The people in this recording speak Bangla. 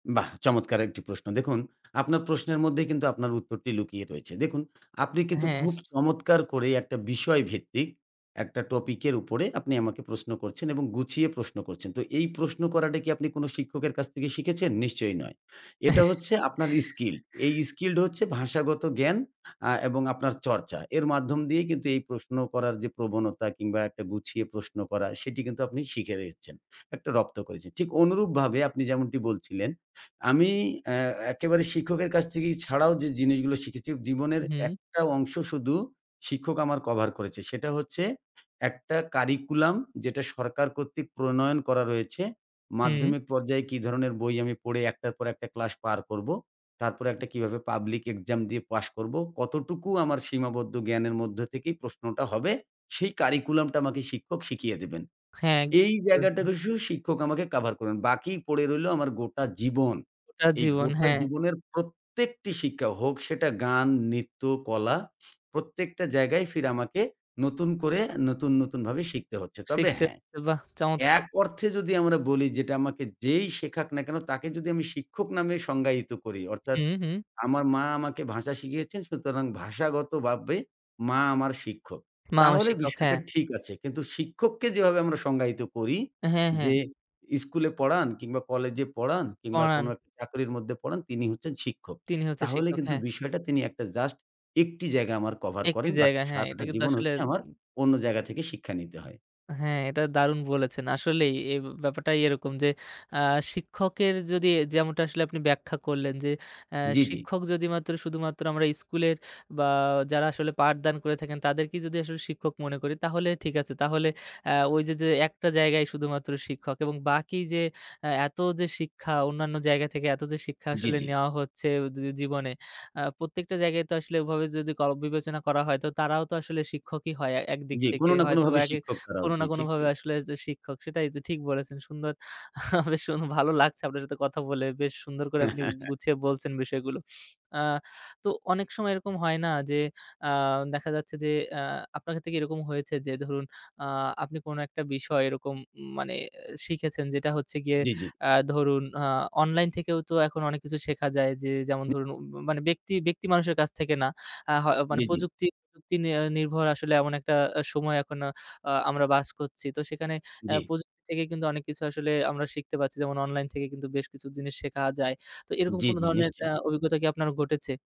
বাহ! চমৎকার একটি প্রশ্ন। দেখুন আপনার প্রশ্নের মধ্যেই কিন্তু, আপনার উত্তরটি লুকিয়ে রয়েছে। দেখুন আপনি কিন্তু হ্যাঁ। খুব চমৎকার করে একটা বিষয় ভিত্তিক, একটা টপিকের উপরে আপনি আমাকে প্রশ্ন করছেন এবং গুছিয়ে প্রশ্ন করছেন। তো এই প্রশ্ন করাটা কি আপনি কোন শিক্ষকের কাছ থেকে শিখেছেন? নিশ্চয়ই নয়। এটা হচ্ছে আপনার স্কিল। এই স্কিল হচ্ছে ভাষাগত জ্ঞান, আ এবং আপনার চর্চা। এর মাধ্যম দিয়েই কিন্তু এই প্রশ্ন করার যে, প্রবণতা কিংবা একটা গুছিয়ে প্রশ্ন করা, সেটি কিন্তু আপনি শিখে গেছেন। একটা রপ্ত করেছেন। ঠিক অনুরূপভাবে আপনি যেমনটি বলছিলেন, আমি অ্যা একেবারে শিক্ষকের কাছ থেকে ছাড়াও যে, জিনিসগুলো শিখেছি, জীবনের উহুম। একটা অংশ শুধু, শিক্ষক আমার কভার করেছে। সেটা হচ্ছে একটা কারিকুলাম, যেটা সরকার কর্তৃক প্রণয়ন করা রয়েছে। হুম। মাধ্যমিক পর্যায়ে কি ধরনের বই আমি পড়ে, ১ টার পর ১ টা ক্লাস পার করবো? তারপরে একটা কিভাবে পাবলিক এক্সাম দিয়ে পাস করবো? কতটুকু আমার সীমাবদ্ধ জ্ঞানের মধ্যে থেকেই প্রশ্নটা হবে? সেই কারিকুলামটা আমাকে শিক্ষক শিখিয়ে দিবেন। হ্যাঁ। এই জায়গাটা [unintelligible] শুধু শিক্ষক আমাকে কভার করবেন। বাকি পড়ে রইলো আমার গোটা জীবন। গোটা এই জীবন। গোটা হ্যাঁ। জীবনের প্রত্যেকটি শিক্ষা হোক, সেটা গান, নৃত্য, কলা। প্রত্যেকটা জায়গায় ফির আমাকে নতুন করে আ নতুন, নতুন ভাবে শিখতে হচ্ছে। তবে শিখতে। হ্যাঁ। বাহ! চমৎকার। এক অর্থে যদি আমরা বলি, যেটা আমাকে যেই শেখাক না কেন? তাকে যদি আমি শিক্ষক নামে সংজ্ঞায়িত করি অর্থাৎ, হুম, হুম। আমার মা আমাকে ভাষা শিখিয়েছেন সুতরাং ভাষাগতভাবে, মা আমার শিক্ষক। মা আমার তাহলে শিক্ষক, হ্যাঁ। বিষয়টা ঠিক আছে। কিন্তু শিক্ষককে যেভাবে আমরা সংজ্ঞায়িত করি হ্যাঁ, হ্যাঁ। যে, স্কুলে পড়ান কিংবা কলেজে পড়ান কিংবা কোন পড়ান। একটা চাকরির মধ্যে পড়ান, তিনি হচ্ছেন শিক্ষক। তিনি হচ্ছে তাহলে শিক্ষক, কিন্তু হ্যাঁ। বিষয়টা তিনি একটা জাস্ট ১ টি জায়গায় আমার কভার একটি করেন। বাকি জায়গা। হ্যাঁ, এটা সারাটা কিন্তু জীবন আসলে হচ্ছে আমার উ অন্য জায়গা থেকে শিক্ষা নিতে হয়। হ্যাঁ, এটা দারুণ বলেছেন। আসলেই এই উব ব্যাপারটাই এরকম যে, আ শিক্ষকের যদি এ যেমনটা আসলে আপনি ব্যাখ্যা করলেন যে, আ জ্বি, জ্বি। শিক্ষক যদিমাত্র, শুধুমাত্র আমরা স্কুলের বা যারা আসলে পাঠদান করে থাকেন, তাদেরকেই যদি আসলে শিক্ষক মনে করি, তাহলে ঠিক আছে। তাহলে আ ওইযে, যে, যে, একটা জায়গায় শুধুমাত্র শিক্ষক এবং বাকি যে, আ এত যে, শিক্ষা, অন্যান্য জায়গা থেকে এত যে, শিক্ষা জ্বি, আসলে জ্বি। নেয়া হচ্ছে উদ জী জীবনে, আ প্রত্যেকটা জায়গায় তো আসলে ওভাবে যদি কব বিবেচনা করা হয়, তো তারাও তো আসলে শিক্ষকই হয় আ একদিক জ্বি, কোন থেকে। না হয়তোবা কোনভাবে একই শিক্ষক তারাও। কোন জ্বি, না ঠিক কোনভাবে, তাই। আসলে যে, শিক্ষক। সেটাই তো। ঠিক বলেছেন। সুন্দর, বেশ সুন ভালো লাগছে আপনার সাথে কথা বলে। বেশ সুন্দর করে আপনি উ গুছিয়ে বলছেন বিষয়গুলো। আ তো অনেক সময় এরকম হয় না? যে, আ দেখা যাচ্ছে যে, আ আপনার সাতে কি এরকম হয়েছে? যে, ধরুন, আ আপনি কোন একটা বিষয় এরকম উম মানে এ শিখেছেন, যেটা হচ্ছে গিয়ে জ্বি, জ্বি। আ ধরুন, আ অনলাইন থেকেও তো এখন অনেক কিছু শেখা যায়। যে, যেমন ধরুন, উম মানে ব্যক্তি, ব্যক্তি মানুষের কাছ থেকে না। আ হয় মানে জ্বি, জ্বি। প্রযুক্তি, প্রযুক্তি নি নির্ভর আসলে এমন একটা আ সময় এখন আ আমরা বাস করছি। তো সেখানে অ্যা জ্বি। প্রযুক্তি থেকে কিন্তু অনেক কিছু আসলে আমরা শিখতে পাচ্ছি। যেমন অনলাইন থেকে কিন্তু বেশ কিছু জিনিস শেখা যায়। তো এরকম জ্বি, কোন জ্বি, ধরনের আ নিশ্চয়ই। অভিজ্ঞতা কি আপনার ঘটেছে?